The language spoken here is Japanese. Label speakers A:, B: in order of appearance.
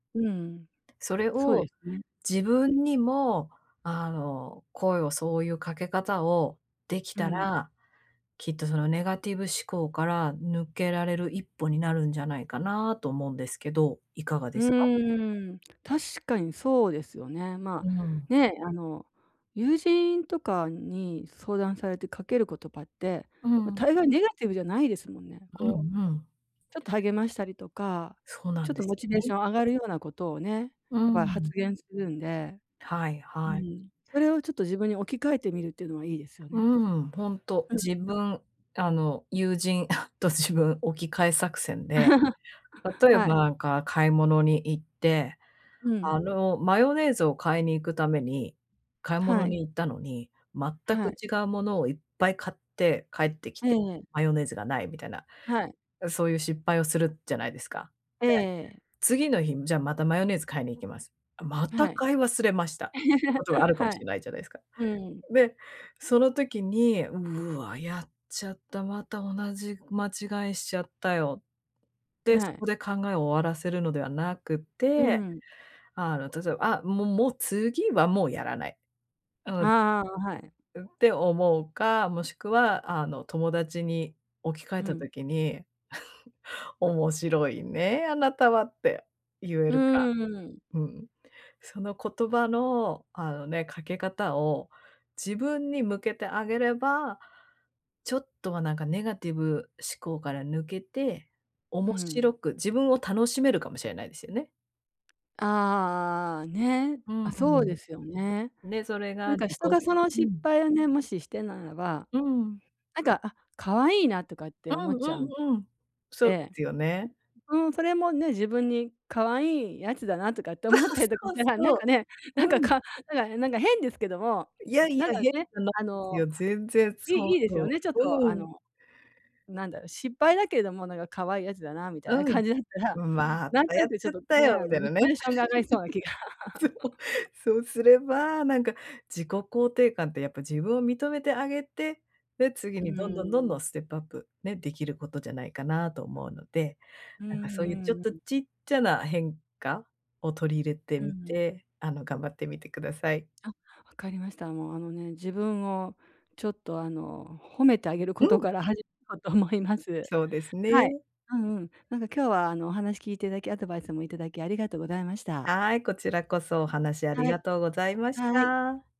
A: うん、
B: それ
A: そうで
B: を
A: すね。
B: 自分にも、あの、声をそう言う掛け方を、出来
A: う
B: た
A: ん。
B: ら、きっと、そのネガティブ思考から、抜けられる一歩になるんじゃないかな？と思うんですけど、如何で
A: う
B: すか？
A: ーん、確かにそうですよね。
B: う
A: ま
B: ーん。
A: あ、ね。あの、友人とかに相談されて掛ける言葉って、
B: う
A: ま、
B: ん。
A: 大概ネガティブじゃないですもんね。
B: うん
A: こう、
B: うん。
A: ちょっと励ましたりとか、
B: そうな
A: ちょ
B: ん
A: っ
B: で
A: と
B: す
A: モチ
B: よ
A: ベーシ
B: ね。
A: ョン上がるような事をね、
B: う
A: やっぱり発
B: ん。
A: 言するんで。
B: はい
A: う
B: はい。
A: ん。それをちょっと、自分に置き換えてみるって言うのは良いですよ
B: うー
A: ね。
B: ん、ほんと、
A: うん
B: 自
A: うん。
B: 分、あの、友人 と自分、置き換え作戦で、例え
A: は
B: ば
A: い。
B: 何か、買い物に行って、
A: う
B: あ
A: ん。
B: の、マヨネーズを買いに行く為に、買い
A: は
B: 物
A: い。
B: に行ったのに、全
A: は
B: く
A: い。
B: 違う物をいっぱい買って帰って来
A: え
B: て、
A: え。
B: マヨネーズがない、みたいな。
A: はい。
B: あ、そういう失敗をするじゃないですか？
A: ええ
B: で、
A: ええ。
B: 次の日、じゃ、またマヨネーズ買いに行きます。また
A: はい。
B: 買い忘れました。って事があ るかも
A: は
B: し
A: い。
B: れないじゃないですか。
A: うん。
B: で、その時に、「うわ、やっちゃった、また同じ間違いしちゃったよ」で、
A: は
B: そ
A: い。
B: こで考えを終わらせるのではなく
A: う
B: て、
A: ん。
B: あの、例えば、あ、もうもう次は、もうやらない。う
A: あ
B: ん。
A: あああ、あ、はい。
B: うん。って思うか、もしくは、あの、友達に置き換
A: う
B: えた
A: ん。
B: 時に、「面白いね、あなたは」って言え
A: う
B: るか。
A: ーん。
B: うん。その言葉の、あのね、掛け方を自分に向けてあげれば、ちょっとは何か、ネガティブ思考から抜けて、
A: う
B: 面
A: ん。
B: 白く自分を楽しめるかもしれないですよね。
A: あああ、ね。
B: うん
A: あ、そ
B: う
A: う
B: ん。
A: ですよね。
B: ね、それが
A: 何か、
B: 自己
A: 人がその
B: う
A: 失
B: ん。
A: 敗をね。もししてならば、
B: うーん。
A: 何か「あ、可愛いな」とかっ
B: う
A: て思
B: ん
A: っちゃう。
B: うんうん。そうで
A: で、
B: すよね。
A: うん、それもね、自分に可愛いやつだな、とかって 思ったりとか
B: そ
A: し
B: う
A: たら、何か
B: そ
A: ね、
B: う、
A: 何か
B: うん。
A: か何か何か変ですけども、
B: いやいや、
A: 何か
B: 変
A: ね、
B: じゃない
A: あ
B: です
A: の、
B: よ、全然、
A: 良
B: そ
A: い
B: う
A: 良いですよ
B: そ
A: ね、ちょっ
B: う。
A: と、あ
B: うん。
A: の、何だろう、失敗だけども何か、可愛いやつだな、みたいな
B: うん、
A: 感じだったら、
B: うん、ま
A: 何
B: た、
A: と
B: や
A: な
B: っ
A: く、ち
B: ち
A: ょ
B: ゃ
A: っ
B: っ
A: と
B: た
A: ね、
B: よ、
A: あ
B: み
A: の、
B: たい
A: モ
B: な
A: チ
B: ね。
A: ベーションが上がりそうな気が
B: そう、そうすれば、何か、自己肯定感って、やっぱ自分を認めてあげて、で、次
A: うー
B: にどんどんどんど
A: ん。
B: ん、ステップアップね、出来る事じゃないかな？と思うので。
A: う
B: 何
A: ん
B: か、そういう、ちょっ
A: うん
B: と、
A: うん。
B: ちっちゃな変化？を取り入れて
A: う
B: み
A: ん。
B: て、あの、頑張ってみて下さい。
A: あ、分かりました。もうあのね、自分をちょっと、あの、褒めてあげる
B: う
A: 事
B: ん。
A: から始ようと思います。
B: そうです
A: はい。
B: ね。
A: うんうん。何か今日は、あの、お話聞いて頂き、アドバイスも頂きありがとうございました。
B: はい、こちらこそ、お話あり
A: はい。
B: がとうございまし
A: はい。
B: た。